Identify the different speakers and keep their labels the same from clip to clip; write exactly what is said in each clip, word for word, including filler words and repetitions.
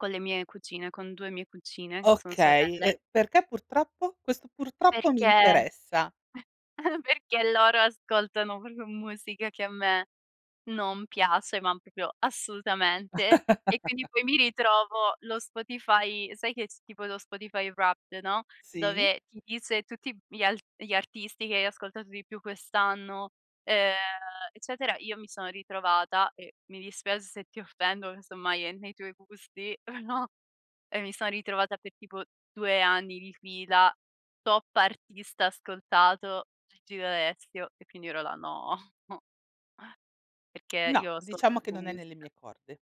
Speaker 1: Con le mie cugine, con due mie cuccine, che sono
Speaker 2: Okay,
Speaker 1: sorelle
Speaker 2: e perché "purtroppo"? Questo "purtroppo" mi
Speaker 1: Perché
Speaker 2: interessa.
Speaker 1: perché loro ascoltano proprio musica che a me non piace, ma proprio assolutamente. E quindi, poi, mi ritrovo lo Spotify sai che, tipo, lo Spotify Wrapped, no,
Speaker 2: Sì?
Speaker 1: dove ti dice tutti gli alt gli artisti che hai ascoltato di più quest'anno, ehm, eccetera. Io mi sono ritrovata, eh, mi dispiace se ti offendo, casomai è nei tuoi gusti, no, e mi sono ritrovata per tipo due anni di fila, top artista ascoltato, Gigi D'Alessio e quindi ora no. Perché
Speaker 2: No,
Speaker 1: io ascolto
Speaker 2: diciamo che
Speaker 1: [unintelligible]
Speaker 2: non è nelle
Speaker 1: musica.
Speaker 2: mie corde.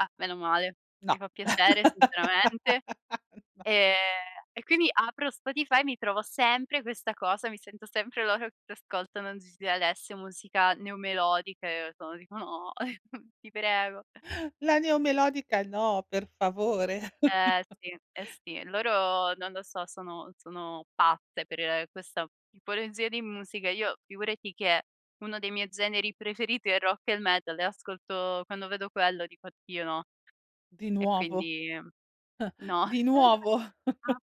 Speaker 1: Ah, meno male,
Speaker 2: No.
Speaker 1: mi fa piacere, sinceramente.
Speaker 2: No.
Speaker 1: Ehm, e quindi apro Spotify e mi trovo sempre questa cosa, mi sento sempre loro che ascoltano Gigi D'Alessio, musica neomelodica e io [unintelligible] dico: "No, ti prego."
Speaker 2: La neomelodica no, per favore.
Speaker 1: Eh, sì. Eh, sì. Loro, non lo so, sono sono pazze per questa tipologia di musica. Io, figurati, che uno dei miei generi preferiti è il rock e il metal e ascolto quando vedo quello dico: "Oddio, no."
Speaker 2: Di
Speaker 1: E
Speaker 2: nuovo.
Speaker 1: quindi No.
Speaker 2: Di nuovo.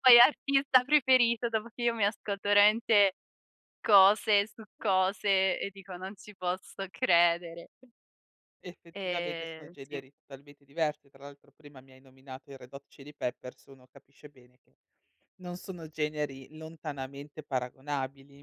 Speaker 1: Poi, artista preferito, dopo che io mi ascolto, rente, cose su cose e dico: "Non ci posso credere."
Speaker 2: Effettivamente sono
Speaker 1: E, sì.
Speaker 2: generi totalmente diversi. Tra l'altro, prima, mi hai nominato i Red Hot Chili Peppers, uno capisce bene che non sono generi lontanamente paragonabili.